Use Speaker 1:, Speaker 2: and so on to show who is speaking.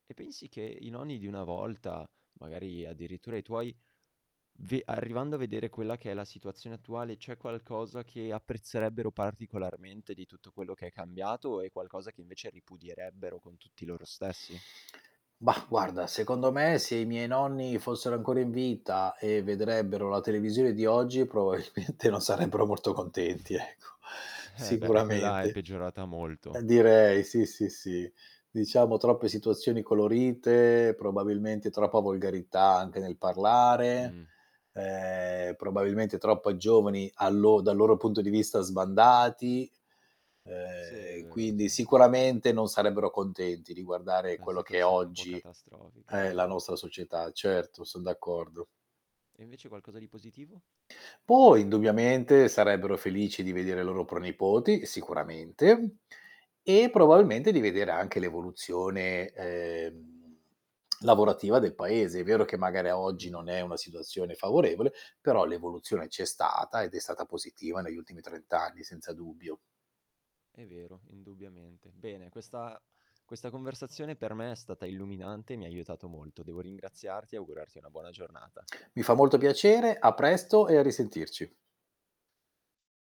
Speaker 1: E pensi che i nonni di una volta, magari addirittura i tuoi, v arrivando a vedere quella che è la situazione attuale, c'è qualcosa che apprezzerebbero particolarmente di tutto quello che è cambiato o è qualcosa che invece ripudierebbero con tutti loro stessi?
Speaker 2: Mah, guarda, secondo me se i miei nonni fossero ancora in vita e vedrebbero la televisione di oggi probabilmente non sarebbero molto contenti ecco,
Speaker 1: Eh beh quella è
Speaker 2: sicuramente.
Speaker 1: peggiorata
Speaker 2: Eh
Speaker 1: molto.
Speaker 2: direi sì, sì, sì, diciamo troppe situazioni colorite, probabilmente troppa volgarità anche nel parlare,
Speaker 1: Mh.
Speaker 2: ehm, probabilmente troppo giovani a lo dal loro punto di vista sbandati,
Speaker 1: Sì è
Speaker 2: ehm,
Speaker 1: vero sì.
Speaker 2: quindi sicuramente non sarebbero contenti di guardare
Speaker 1: Una
Speaker 2: quello che
Speaker 1: situazione un po'
Speaker 2: oggi
Speaker 1: catastrofica, è
Speaker 2: è la
Speaker 1: vero.
Speaker 2: nostra società. Certo son d'accordo.
Speaker 1: E invece qualcosa di positivo?
Speaker 2: Poi indubbiamente sarebbero felici di vedere i loro pronipoti sicuramente e probabilmente di vedere anche l'evoluzione, ehm, lavorativa del paese. È vero che magari a oggi
Speaker 1: Mh-mh.
Speaker 2: non è una situazione favorevole, però l'evoluzione c'è stata ed è stata positiva negli ultimi 30 anni senza dubbio.
Speaker 1: È vero, indubbiamente. Bene, questa questa conversazione per me è stata illuminante, mi ha aiutato molto. Devo ringraziarti e augurarti una buona giornata.
Speaker 2: Mi fa molto piacere, a presto e a risentirci.